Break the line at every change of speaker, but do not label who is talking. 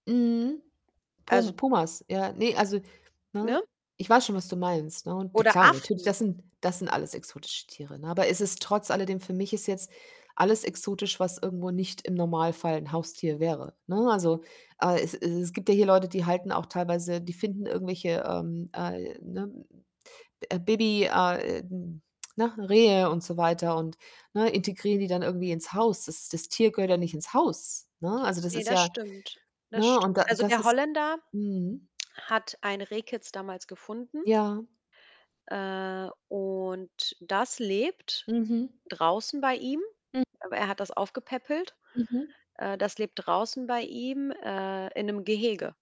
Mhm. Pum
Also
Pumas, ja. Ne, also ne?
Ne?
Ich weiß schon, was du meinst, ne, und na
Oder
klar, natürlich,
Affen.
das sind das sind alles exotische Tiere, ne? Aber es ist trotz alledem für mich ist jetzt alles exotisch, was irgendwo nicht im Normalfall 'n Haustier wäre, ne? Also, aber es es es gibt ja hier Leute, die halten auch teilweise die finden irgendwelche, ähm, äh ne? Hm, äh, Baby a äh, na, Rehe und so weiter und, ne, integrieren die dann irgendwie ins Haus. Das Das Tier gehört ja nicht ins Haus, ne? Also, das
Ne,
ist
das
ja
stimmt. Das
ne? Und
stimmt.
da
Also,
das
der
ist
Holländer
mhm.
hat ein Rehkitz damals gefunden
Ja.
äh, und das lebt
Mhm.
draußen bei ihm,
Mhm.
aber er hat das aufgepäppelt.
Mhm.
Äh, das lebt draußen bei ihm, äh, in 'nem Gehege.